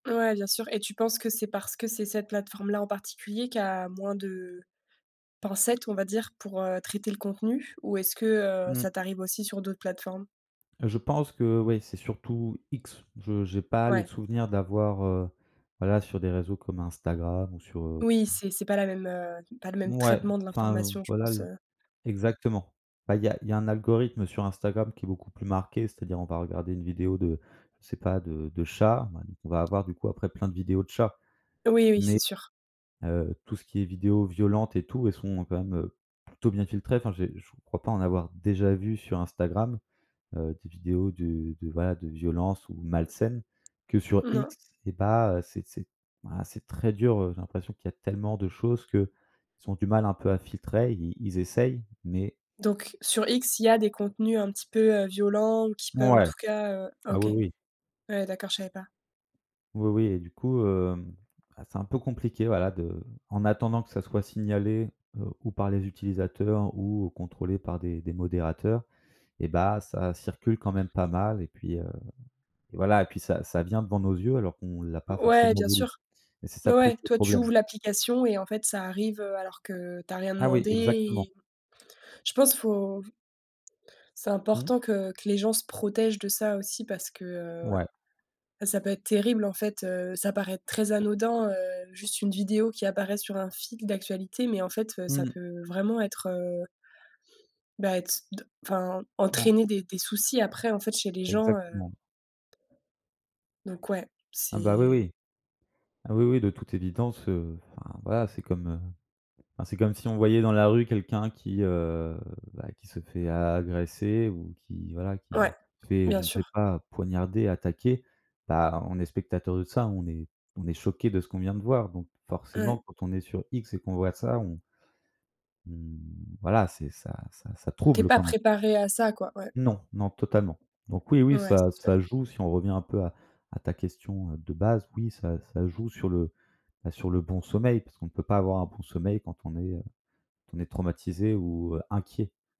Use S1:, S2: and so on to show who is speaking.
S1: Ouais, bien sûr et tu penses que c'est parce que c'est cette plateforme-là, en particulier, qui a moins de pincettes, on va dire, pour, heu, traiter le contenu ou est-ce que, heu,
S2: Mmh.
S1: ça t'arrive aussi sur d'autres plateformes?
S2: Je pense que ouais, c'est surtout X. Je j'ai pas le
S1: Ouais.
S2: souvenir d'avoir, heu, voilà, sur des réseaux comme Instagram ou sur heu
S1: Oui,
S2: mmh.
S1: c'est c'est pas la même, heu, pas le même
S2: Mouais,
S1: traitement de
S2: enfin,
S1: l'information, je
S2: voilà
S1: pense,
S2: le
S1: heu
S2: exactement. Bah il y a il y a un algorithme sur Instagram qui est beaucoup plus marqué. C'est-à-dire, on va regarder une vidéo de, je sais pas, de de chat. Ben, on va avoir, du coup, après, plein de vidéos de chats.
S1: Oui, oui, c'est
S2: Mais
S1: sûr.
S2: heu, tout ce qui est vidéos violentes et tout, elles sont quand même, heu, plutôt bien filtrées. Enfin, j'ai je crois pas en avoir déjà vues sur Instagram, heu, des vidéos de de, voilà, de violence ou malsaines que, sur
S1: Non.
S2: X, c'est pas, heu, c'est c'est voilà, c'est très dur. Heu, j'ai l'impression qu'il y a tellement de choses qu'ils ont du mal, un peu, à filtrer. Ils essayent, mais
S1: Donc sur X, il y a des contenus un petit peu, heu, violents qui peuvent, en
S2: Ouais,
S1: tout cas, heu
S2: ah,
S1: OK.
S2: oui, oui.
S1: Ouais, d'accord, je savais pas.
S2: Oui, oui et du coup, hem, ah, c'est un peu compliqué, voilà, de en attendant que ça soit signalé, heu, ou par les utilisateurs ou contrôlé par des des modérateurs et bah, ça circule quand même pas mal, et puis, heu et voilà et puis ça ça vient devant nos yeux alors qu'on l'a pas
S1: O ouais,
S2: forcément
S1: bien
S2: voulu
S1: sûr.
S2: et c'est ça,
S1: Mais
S2: plus,
S1: ouais,
S2: le
S1: toi, tu
S2: problème.
S1: ouvres l'application et en fait, ça arrive, heu, alors que tu as rien
S2: Ah oui,
S1: demandé
S2: exactement.
S1: et je pense, faut c'est
S2: Mmh.
S1: important que que les gens se protègent de ça aussi parce que, heu,
S2: Ouais.
S1: bah, ça peut être terrible, en fait, heu. Ça paraît très anodin, heu, juste une vidéo qui apparaît sur un fil d'actualité, mais en fait, heu, ça
S2: Mmh.
S1: peut vraiment être, heu bah être d enfin,
S2: En
S1: entraîner des des soucis, après, en fait, chez les gens, heu
S2: Exactement.
S1: donc ouais,
S2: Ah, bah, oui,
S1: c'est.
S2: oui. Ah, oui, oui, de toute évidence, heu, enfin, voilà, c'est comme, heu, enfin, c'est comme si on voyait dans la rue quelqu'un qui, heu, bah, qui se fait a agresser ou qui, voilà,
S1: Ouais,
S2: qui se fait,
S1: bien
S2: je ne sais
S1: sûr.
S2: pas, poignarder, attaquer, bah, on est spectateurs de ça, on est on est choqués de ce qu'on vient de voir, donc
S1: Ouais.
S2: forcément, quand on est sur X et qu'on voit ça, on on, voilà, c'est ça ça, ça
S1: Tu es
S2: trouble
S1: pas
S2: quand même.
S1: préparé à ça, quoi, ouais.
S2: Non, non, totalement. Donc oui, oui,
S1: Ouais,
S2: ça
S1: c'est
S2: ça
S1: sûr.
S2: joue, si on revient un peu à à ta question, heu, de base, oui ça ça joue sur le, bah, sur le bon sommeil parce qu'on peut pas avoir un bon sommeil quand on est, heu, on est traumatisé ou, heu, inquiet.